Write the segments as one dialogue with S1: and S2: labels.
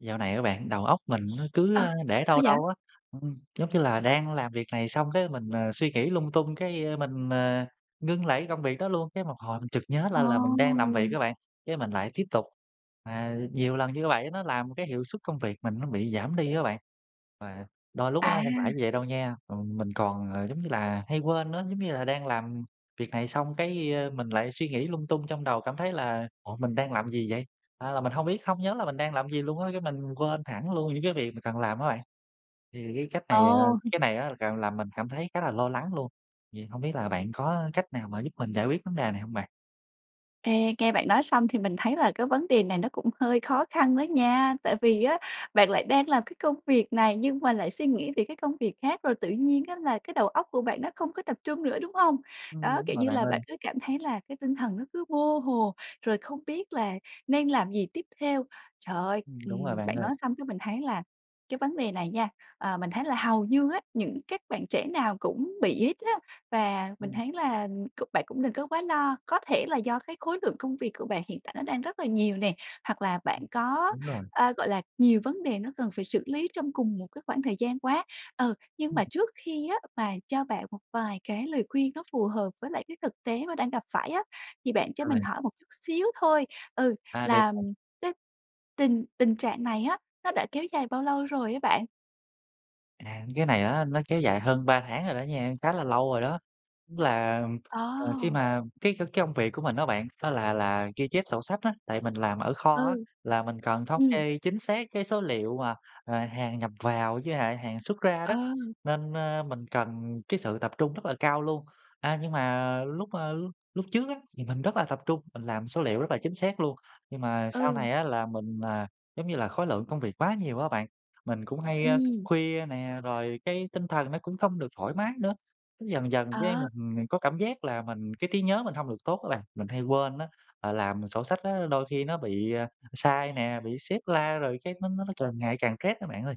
S1: Dạo này á bạn đầu óc mình nó cứ,
S2: Ờ.
S1: ơ, để
S2: Sao
S1: đâu
S2: vậy?
S1: đâu á, ừm, giống như là đang làm việc này xong cái mình, ờ, suy nghĩ lung tung cái, ơ, mình, ờ, ngưng lại cái công việc đó luôn, cái một hồi mình chực nhớ
S2: Ồ.
S1: ra là mình đang làm việc á bạn, cái mình lại tiếp tục. Ờ, nhiều lần như vậy nó làm cái hiệu suất công việc mình nó bị giảm đi á bạn. Và đôi lúc á không phải
S2: À.
S1: như vậy đâu nha, ừm, mình còn, ờ, giống như là hay quên nữa, giống như là đang làm việc này xong cái, ơ, mình lại suy nghĩ lung tung trong đầu cảm thấy là "Ủa, mình đang làm gì vậy?" A, là mình hông biết không nhớ là mình đang làm gì luôn á, cái mình quên hẳn luôn những cái việc mình cần làm á bạn. Thì cái cách này, à
S2: Ồ.
S1: cái này á càng làm mình cảm thấy khá là lo lắng luôn. Vậy hổng biết là bạn có cách nào mà giúp mình giải quyết vấn đề này hông bạn?
S2: Ê, nghe bạn nói xong thì mình thấy là cái vấn đề này nó cũng hơi khó khăn đó nha, tại vì á bạn lại đang làm cái công việc này nhưng mà lại suy nghĩ về cái công việc khác rồi tự nhiên á là cái đầu óc của bạn nó không có tập trung nữa, đúng hông?
S1: Ưm,
S2: Đó,
S1: đúng
S2: kiểu
S1: rồi
S2: như
S1: bạn
S2: là bạn
S1: ơi.
S2: cứ cảm thấy là cái tinh thần nó cứ vô hồ, rồi không biết là nên làm gì tiếp theo. Trời ơi,
S1: Ừm, đúng rồi
S2: ừm,
S1: bạn
S2: bạn
S1: ơi.
S2: nói xong cái mình thấy là cái vấn đề này nha, ờ, mình thấy là hầu như á những các bạn trẻ nào cũng bị hết á. Và mình
S1: Ừm.
S2: thấy là, ừm, c bạn cũng đừng có quá lo, có thể là do cái khối lượng công việc của bạn hiện tại nó đang rất là nhiều nè, hoặc là bạn
S1: Ừm,
S2: có,
S1: đúng rồi.
S2: ơ, gọi là, nhiều vấn đề nó cần phải xử lý trong cùng một cái khoảng thời gian quá. Ừ, nhưng
S1: Ừm.
S2: mà trước khi á mà cho bạn một vài cái lời khuyên nó phù hợp với lại cái thực tế mà đang gặp phải á, thì
S1: Ừm,
S2: bạn cho mình
S1: rồi.
S2: hỏi một chút xíu thôi, ừ,
S1: À, được bạn.
S2: làm cái tình tình trạng này á, nó đã kéo dài bao lâu rồi á bạn?
S1: À, cái này á nó kéo dài hơn 3 tháng rồi đó nha, khá là lâu rồi đó. Tức là, à, khi
S2: Ờ.
S1: mà cái cái công việc của mình á bạn, nó là là ghi chép sổ sách á. Tại mình làm ở kho á,
S2: Ừ,
S1: là mình cần thống
S2: ừm.
S1: kê chính xác cái số liệu mà, ờ, hàng nhập vào với lại hàng xuất ra
S2: Ờ.
S1: đó, nên, ơ, mình cần cái sự tập trung rất là cao luôn. A, nhưng mà lúc, ơ, lúc lúc trước á thì mình rất là tập trung, mình làm số liệu rất là chính xác luôn. Nhưng mà sau
S2: Ừ.
S1: này á là mình, ờ, giống như là khối lượng công việc quá nhiều á bạn, mình cũng hay thức
S2: Ừm.
S1: khuya nè, rồi cái tinh thần nó cũng không được thoải mái nữa. Cái dần dần cái
S2: Ờ.
S1: mình có cảm giác là mình cái trí nhớ mình hông được tốt á bạn, mình hay quên á, ờ, làm sổ sách á, đôi khi nó bị sai nè, bị sếp la rồi cái nó nó càng ngày càng stress đó bạn ơi.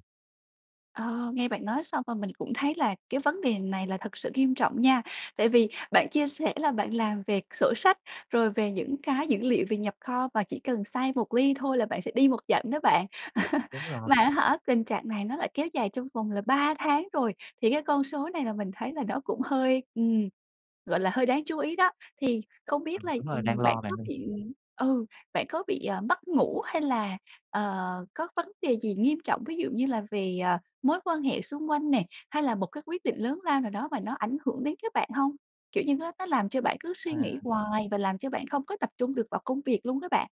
S2: Ờ, nghe bạn nói xong rồi mình cũng thấy là cái vấn đề này là thật sự nghiêm trọng nha. Tại vì bạn chia sẻ là bạn làm về sổ sách, rồi về những cái dữ liệu về nhập kho và chỉ cần sai một ly thôi là bạn sẽ đi một dặm đó bạn.
S1: Đúng rồi.
S2: Mà á hả, tình trạng này nó lại kéo dài trong vòng là 3 tháng rồi, thì cái con số này là mình thấy là nó cũng hơi, ừm, gọi là, hơi đáng chú ý đó. Thì không biết
S1: Ừm,
S2: là
S1: đúng rồi, đang
S2: ,ừm, bạn
S1: lo
S2: có
S1: bạn ơi.
S2: bị ừ, bạn có bị, ờ, mất ngủ hay là, ờ, có vấn đề gì nghiêm trọng ví dụ như là về, ờ, mối quan hệ xung quanh nè, hay là một cái quyết định lớn lao nào đó mà nó ảnh hưởng đến các bạn hông? Kiểu như nó nó làm cho bạn cứ suy nghĩ
S1: À.
S2: hoài và làm cho bạn không có tập trung được vào công việc luôn á bạn.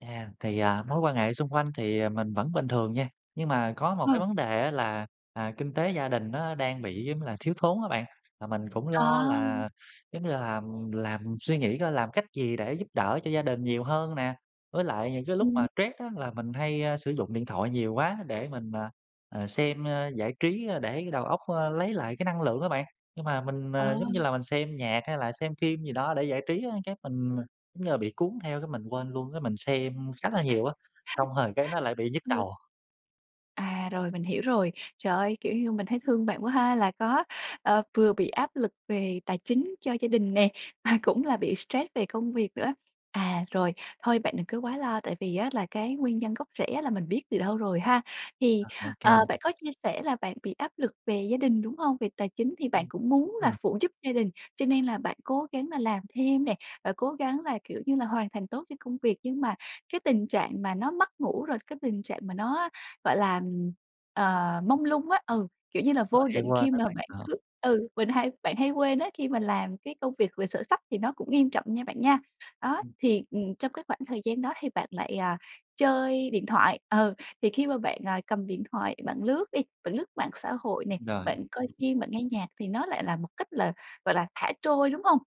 S1: À, thì, ờ, mối quan hệ xung quanh thì mình vẫn bình thường nha. Nhưng mà có một cái
S2: Ờ.
S1: vấn đề á là, à, kinh tế gia đình nó đang bị, giống như là, thiếu thốn á bạn, mà mình cũng lo
S2: À!
S1: là, giống như là, làm làm mình suy nghĩ coi làm cách gì để giúp đỡ cho gia đình nhiều hơn nè. Với lại những cái lúc mà
S2: Ừm.
S1: stress á, là mình hay sử dụng điện thoại nhiều quá để mình, ờ, ờ, xem giải trí để đầu óc, a, lấy lại cái năng lượng á bạn. Nhưng mà mình,
S2: Ờ.
S1: ờ, giống như là, mình xem nhạc hay là xem phim gì đó để giải trí á, cái mình, giống như là, bị cuốn theo, cái mình quên luôn, cái mình xem khá là nhiều á, xong rồi cái nó lại bị nhức
S2: Ừm.
S1: đầu.
S2: À, rồi, mình hiểu rồi. Trời ơi, kiểu như, mình thấy thương bạn quá ha, là có, ờ, vừa bị áp lực về tài chính cho gia đình nè, mà cũng là bị stress về công việc nữa. À, rồi, thôi bạn đừng có quá lo, tại vì á là cái nguyên nhân gốc rễ á là mình biết từ đâu rồi ha, thì,
S1: Ờ, OK.
S2: ờ, bạn có chia sẻ là bạn bị áp lực về gia đình, đúng hông? Về tài chính thì bạn
S1: Ừm,
S2: cũng muốn là
S1: rồi.
S2: phụ giúp gia đình, cho nên là bạn cố gắng là làm thêm nè, và cố gắng là, kiểu như là, hoàn thành tốt cho công việc. Nhưng mà cái tình trạng mà nó mất ngủ, rồi cái tình trạng mà nó, gọi là, ừm, ờ, mông lung á, ừ, kiểu như là,
S1: Đúng rồi,
S2: vô
S1: hay
S2: định
S1: quên
S2: khi
S1: đó
S2: mà
S1: bạn,
S2: bạn
S1: ờ.
S2: cứ, ừ, mình hay bạn hay quên á, khi mình làm cái công việc về sổ sách, thì nó cũng nghiêm trọng nha bạn nha. Đó, thì, ừm, trong cái khoảng thời gian đó thì bạn lại, à, chơi điện thoại, ờ, thì khi mà bạn, à, cầm điện thoại bạn lướt đi, bạn lướt mạng xã hội nè,
S1: Rồi.
S2: bạn coi phim, bạn nghe nhạc, thì nó lại là một cách là, gọi là, thả trôi, đúng hông?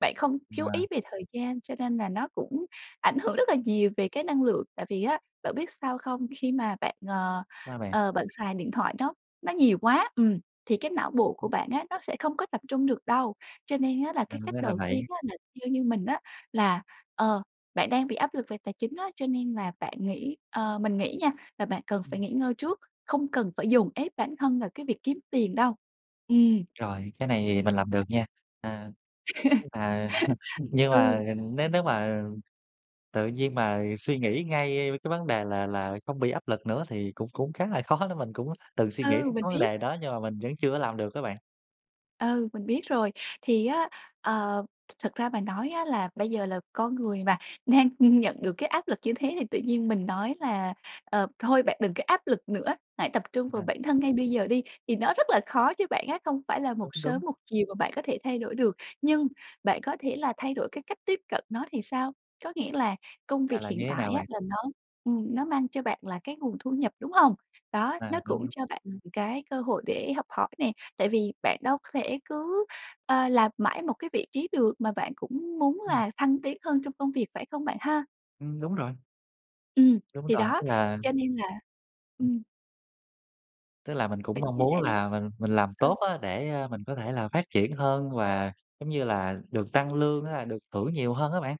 S2: Bạn không chú ý
S1: À.
S2: về thời gian, cho nên là nó cũng ảnh hưởng rất là nhiều về cái năng lượng, tại vì á bạn biết sao không? Khi mà bạn, ờ,
S1: Sao bạn?
S2: ờ, bạn xài điện thoại, nó nó nhiều quá, ừm, thì cái não bộ của
S1: Ừm.
S2: bạn á nó sẽ không có tập trung được đâu. Cho nên á là
S1: À,
S2: cái cách
S1: ra là
S2: đầu tiên
S1: vậy.
S2: á, là theo như mình á, là, ờ, bạn đang bị áp lực về tài chính á, cho nên là bạn nghĩ ờ, mình nghĩ nha là bạn cần phải nghỉ ngơi trước, không cần phải dồn ép bản thân vào cái việc kiếm tiền đâu. Ừm.
S1: Rồi, cái này mình làm được nha. À, nhưng mà nhưng
S2: Ừ.
S1: mà nếu nếu mà tự nhiên mà suy nghĩ ngay cái vấn đề là là không bị áp lực nữa, thì cũng cũng khá là khó đó, mình cũng tự suy nghĩ
S2: Ừ,
S1: đến
S2: mình
S1: cái vấn
S2: biết.
S1: đề đó nhưng mà mình vẫn chưa có làm được đó bạn.
S2: Ừ, mình biết rồi. Thì á, ờ, thật ra mà nói á là bây giờ là con người mà, nên nhận được cái áp lực như thế thì tự nhiên mình nói là, ờ, thôi bạn đừng có áp lực nữa, hãy tập trung vào
S1: Ừm.
S2: bản thân ngay bây giờ đi, thì nó rất là khó cho bạn á, không phải là một
S1: Đúng,
S2: sớm
S1: đúng.
S2: một chiều mà bạn có thể thay đổi được. Nhưng bạn có thể là thay đổi cái cách tiếp cận nó thì sao? Có nghĩa là công
S1: À,
S2: việc
S1: là
S2: hiện
S1: như thế
S2: tại
S1: nào
S2: á
S1: bạn?
S2: là nó, ừm, nó mang cho bạn là cái nguồn thu nhập, đúng hông? Đó,
S1: À,
S2: nó cũng
S1: đúng.
S2: cho bạn cái cơ hội để học hỏi nè, tại vì bạn đâu có thể cứ, ơ, làm mãi một cái vị trí được mà bạn cũng muốn
S1: Ừm.
S2: là thăng tiến hơn trong công việc, phải không bạn ha?
S1: Ừm, đúng rồi.
S2: Ừm.
S1: Đúng
S2: Thì
S1: rồi,
S2: đó.
S1: tức là
S2: Cho nên là
S1: Ừm.
S2: ừm.
S1: Tức là mình cũng
S2: Bạn
S1: mong
S2: chia
S1: muốn
S2: sẻ đi.
S1: là mình mình làm tốt
S2: Ừ.
S1: á để, a, mình có thể là phát triển hơn và giống như là được tăng lương á, là được thưởng nhiều hơn á bạn.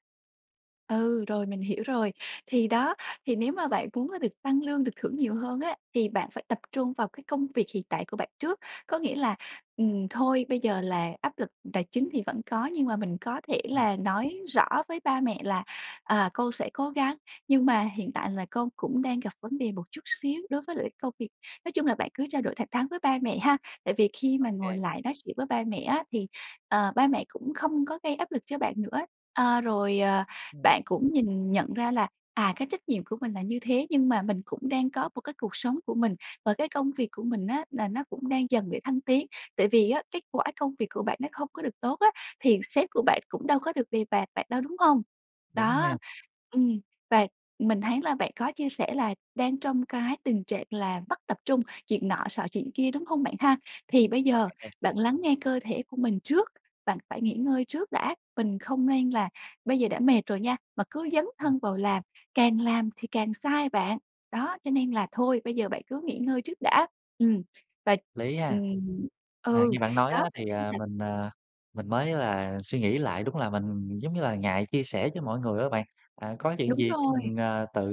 S2: Ừ, rồi mình hiểu rồi. Thì đó, thì nếu mà bạn muốn được tăng lương, được thưởng nhiều hơn á thì bạn phải tập trung vào cái công việc hiện tại của bạn trước. Có nghĩa là, ừm, thôi bây giờ là áp lực tài chính thì vẫn có, nhưng mà mình có thể
S1: Ừm.
S2: là nói rõ với ba mẹ là, à, con sẽ cố gắng, nhưng mà hiện tại là con cũng đang gặp vấn đề một chút xíu đối với lại công việc. Nói chung là bạn cứ trao đổi thẳng thắng với ba mẹ ha, Tại vì khi mà ngồi
S1: OK.
S2: lại nói chuyện với ba mẹ á thì, ờ, ba mẹ cũng không có gây áp lực cho bạn nữa. Ơ, rồi, à,
S1: Ừm.
S2: bạn cũng nhìn nhận ra là, à, cái trách nhiệm của mình là như thế nhưng mà mình cũng đang có một cái cuộc sống của mình và cái công việc của mình á là nó cũng đang dần để thăng tiến, tại vì á, kết quả công việc của bạn nó không có được tốt á thì sếp của bạn cũng đâu có được đề bạt bạn đâu, đúng hông?
S1: Đúng nha.
S2: Đó, ừm, và mình thấy là bạn có chia sẻ là đang trong cái tình trạng là mất tập trung, chuyện nọ xọ chuyện kia, đúng hông bạn ha? Thì bây
S1: Rồi
S2: giờ
S1: bạn ơi.
S2: bạn lắng nghe cơ thể của mình trước, bạn phải nghỉ ngơi trước đã, mình không nên là bây giờ đã mệt rồi nha mà cứ dấn
S1: Ừm.
S2: thân vào làm, càng làm thì càng sai bạn. Đó, cho nên là thôi bây giờ bạn cứ nghỉ ngơi trước đã. Ừm. Và
S1: Lý ha.
S2: ừm.
S1: À,
S2: Ừ.
S1: như bạn nói
S2: Đó,
S1: á
S2: bạn
S1: thì,
S2: thấy
S1: à,
S2: là
S1: mình, à, mình mới là suy nghĩ lại, đúng là mình, giống như là, ngại chia sẻ với mọi người á bạn. Ờ, có chuyện
S2: Đúng
S1: gì cái
S2: rồi.
S1: mình, ờ, tự,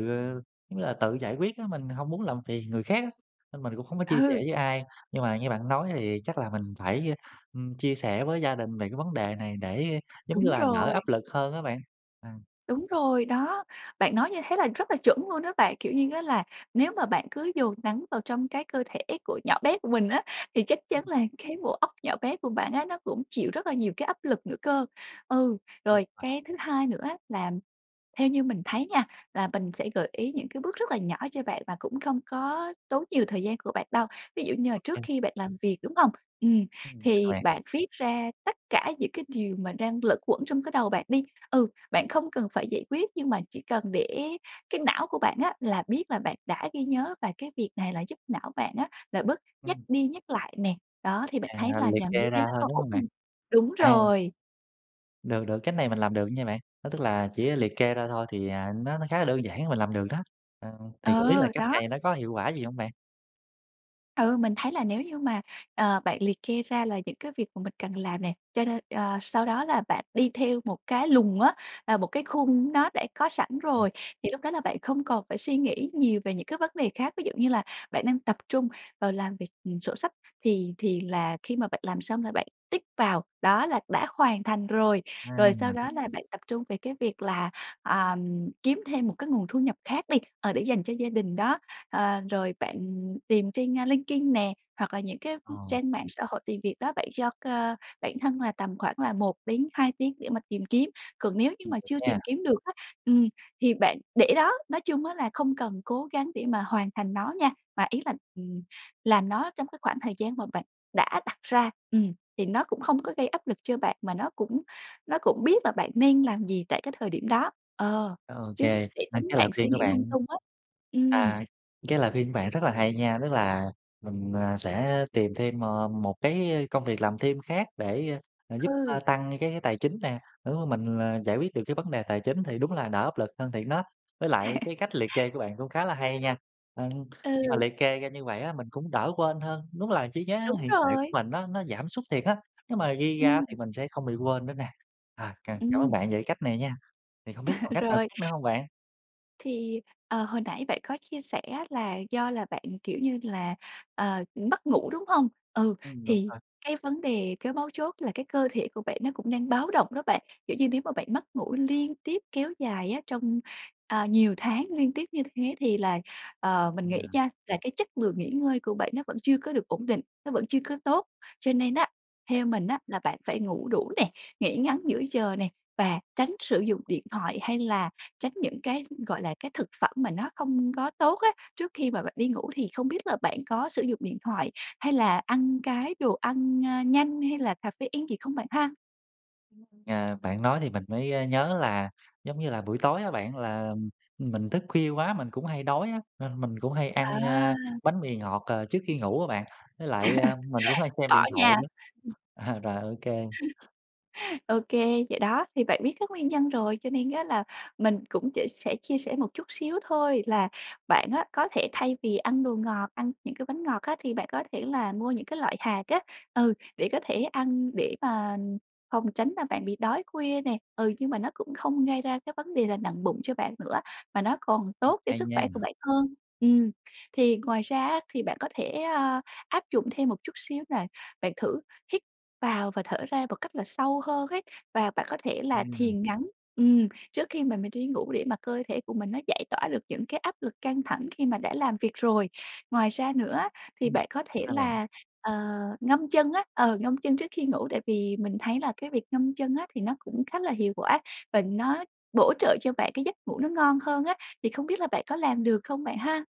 S1: giống như là, tự giải quyết á, mình hông muốn làm phiền người khác á nên mình cũng không có chia sẻ
S2: Ừ.
S1: với ai, nhưng mà nghe bạn nói thì chắc là mình phải, ưm, chia sẻ với gia đình về cái vấn đề này để, giống như
S2: Đúng
S1: là, đỡ
S2: rồi.
S1: áp lực hơn á bạn. Ờ.
S2: Đúng rồi đó, bạn nói như thế là rất là chuẩn luôn á bạn. Kiểu như á là nếu mà bạn cứ dồn nắng vào trong cái cơ thể của nhỏ bé của mình á thì chắc
S1: Ừm.
S2: chắn là cái bộ óc nhỏ bé của bạn á nó cũng chịu rất là nhiều cái áp lực nữa cơ. Ừ,
S1: Đúng
S2: rồi
S1: rồi.
S2: cái thứ hai nữa á là theo như mình thấy nha là mình sẽ gợi ý những cái bước rất là nhỏ cho bạn và cũng không có tốn nhiều thời gian của bạn đâu. Ví dụ như là trước
S1: OK.
S2: khi bạn làm việc, đúng hông? Ừm,
S1: Ừm, sao
S2: thì
S1: bạn?
S2: bạn viết ra tất cả những cái điều mà đang lẩn quẩn trong cái đầu bạn đi. Ừ, bạn không cần phải giải quyết, nhưng mà chỉ cần để cái não của bạn á là biết là bạn đã ghi nhớ và cái việc này là giúp não bạn á là bớt nhắc
S1: Ừm.
S2: đi nhắc lại nè. Đó, thì bạn thấy
S1: À,
S2: là
S1: liệt
S2: nhàm như
S1: kê
S2: thế
S1: ra
S2: nó
S1: thôi,
S2: có
S1: đúng
S2: ổn
S1: hông bạn?
S2: hông? Đúng
S1: À.
S2: rồi!
S1: Được được, cách này mình làm được nha bạn. Đó tức là chỉ, à, liệt kê ra thôi thì, à, nó nó khá là đơn giản mình làm được đó. Ờ, thì không biết
S2: Ờ,
S1: là cách
S2: đó!
S1: này nó có hiệu quả gì hông bạn?
S2: Ừ, mình thấy là nếu như mà, ờ, bạn liệt kê ra là những cái việc mà mình cần làm nè. Cho nên ờ, sau đó là bạn đi theo một cái lùng á, à, một cái khung nó đã có sẵn
S1: Ờm.
S2: rồi thì lúc đó là bạn không còn phải suy nghĩ nhiều về những cái vấn đề khác. Ví dụ như là bạn đang tập trung vào làm việc, ừm, sổ sách thì thì là khi mà bạn làm xong là bạn tick vào, đó là đã hoàn thành rồi. Rồi sau
S1: À.
S2: đó là bạn tập trung về cái việc là, ờm, kiếm thêm một cái nguồn thu nhập khác đi, ờ, để dành cho gia đình đó. Ờ, rồi bạn tìm trên, a, LinkedIn nè, hoặc là những cái, ừm,
S1: Ờ.
S2: trang mạng xã hội tìm việc đó bạn cho co bản thân là tầm khoảng là 1-2 để mà tìm kiếm. Còn nếu như
S1: Ừm,
S2: mà
S1: được
S2: chưa
S1: nha.
S2: tìm kiếm được á, ừm, thì bạn để đó. Nói chung á là không cần cố gắng để mà hoàn thành nó nha. Mà ý là, ừm, làm nó trong cái khoảng thời gian mà bạn đã đặt ra. Ừm, thì nó cũng không có gây áp lực cho bạn mà nó cũng nó cũng biết là bạn nên làm gì tại cái thời điểm đó. Ờ,
S1: OK,
S2: chứ để
S1: 2
S2: tính
S1: cái
S2: bạn
S1: lời
S2: suy
S1: khuyên của
S2: nghĩ lung
S1: bạn
S2: tung á. Ừm.
S1: à, cái lời khuyên của bạn rất là hay nha. Tức là mình, ờ, sẽ tìm thêm m một cái, ơ, công việc làm thêm khác để, ờ, giúp,
S2: Ừ.
S1: ơ, tăng đi cái tài chính nè. Nếu mà mình là giải quyết được cái vấn đề tài chính thì đúng là đỡ áp lực hơn thiệt đó. Với lại cái cách liệt kê của bạn cũng khá là hay nha. Ừ, khi mà
S2: Ừ.
S1: liệt kê ra như vậy á, mình cũng đỡ quên hơn. Đúng là trí nhớ
S2: Đúng
S1: hiện tại
S2: rồi!
S1: của mình nó nó giảm sút thiệt á. Nếu mà ghi ra á
S2: Ừm.
S1: thì mình sẽ không bị quên nữa nè. À cà cảm ơn
S2: Ừm.
S1: bạn về cái cách này nha. Thì hông biết còn cách nào
S2: Rồi.
S1: khác nữa hông bạn?
S2: Thì, ờ, hồi nãy bạn có chia sẻ á là do là bạn, kiểu như là, ờ, mất ngủ, đúng hông? Ừ,
S1: Ừm, đúng
S2: thì
S1: rồi.
S2: cái vấn đề, cái mấu chốt là cái cơ thể của bạn nó cũng đang báo động đó bạn. Kiểu như, nếu mà bạn mất ngủ liên tiếp kéo dài á trong, ờ, nhiều tháng liên tiếp như thế thì là, ờ, mình
S1: Ừ.
S2: nghĩ nha, là cái chất lượng nghỉ ngơi của bạn nó vẫn chưa có được ổn định, nó vẫn chưa có tốt. Cho nên á,
S1: Vậy
S2: theo mình á là bạn phải ngủ đủ nè, nghỉ ngắn giữa giờ nè và tránh sử dụng điện thoại hay là tránh những cái, gọi là, cái thực phẩm mà nó không có tốt á, trước khi mà bạn đi ngủ thì không biết là bạn có sử dụng điện thoại hay là ăn cái đồ ăn, a, nhanh hay là caffeine gì không bạn ha?
S1: À, bạn nói thì mình mới, ơ, nhớ là giống như là buổi tối á bạn, là mình thức khuya quá, mình cũng hay đói á, nên mình cũng hay ăn,
S2: À.
S1: a, bánh mì ngọt, ờ, trước khi ngủ á bạn. Với lại, a, mình cũng hay xem
S2: Bỏ
S1: điện thoại
S2: nha.
S1: nữa. À, rồi ô kê.
S2: Ô kê, vậy đó, thì bạn biết các nguyên nhân rồi cho nên á là mình cũng sẽ sẽ chia sẻ một chút xíu thôi, là bạn á có thể thay vì ăn đồ ngọt, ăn những cái bánh ngọt á, thì bạn có thể là mua những cái loại hạt á. Ừ, để có thể ăn để mà phòng tránh là bạn bị đói khuya nè. Ừ, nhưng mà nó cũng không gây ra cái vấn đề là nặng bụng cho bạn nữa, mà nó còn tốt cho
S1: Hay
S2: sức khỏe của
S1: nha.
S2: bạn hơn. Ừm, thì ngoài ra á thì bạn có thể, a, áp dụng thêm một chút xíu nè, bạn thử hít vào và thở ra một cách là sâu hơn ấy. Và bạn có thể là
S1: Ừm.
S2: thiền ngắn, ừm, trước khi mà mình đi ngủ để mà cơ thể của mình nó giải tỏa được những cái áp lực căng thẳng khi mà đã làm việc rồi. Ngoài ra nữa á thì
S1: Ừm,
S2: bạn có thể
S1: sao bạn?
S2: là, ờ, ngâm chân á, ờ, ngâm chân trước khi ngủ tại vì mình thấy là cái việc ngâm chân á thì nó cũng khá là hiệu quả và nó bổ trợ cho bạn cái giấc ngủ nó ngon hơn á. Thì không biết là bạn có làm được không bạn ha?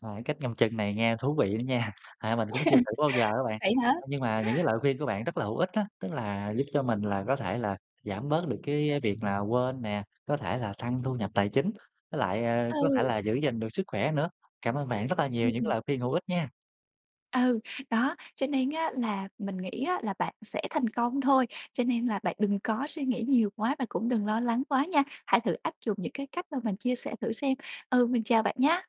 S1: À, cái cách ngâm chân này nghe thú vị đó nha. À, mình cũng chưa thử bao giờ á bạn.
S2: Vậy hả?
S1: Nhưng mà những cái lời khuyên của bạn rất là hữu ích á. Tức là giúp cho mình là có thể là giảm bớt được cái việc là quên nè, có thể là tăng thu nhập tài chính, với lại, a, có thể
S2: Ừ.
S1: là giữ gìn được sức khỏe nữa. Cảm ơn bạn rất là nhiều những
S2: Ừm.
S1: lời khuyên hữu ích nha.
S2: Ừ. Đó, cho nên á là mình nghĩ á là bạn sẽ thành công thôi. Cho nên là bạn đừng có suy nghĩ nhiều quá và cũng đừng lo lắng quá nha. Hãy thử áp dụng những cái cách mà mình chia sẻ thử xem. Ừ, mình chào bạn nhá.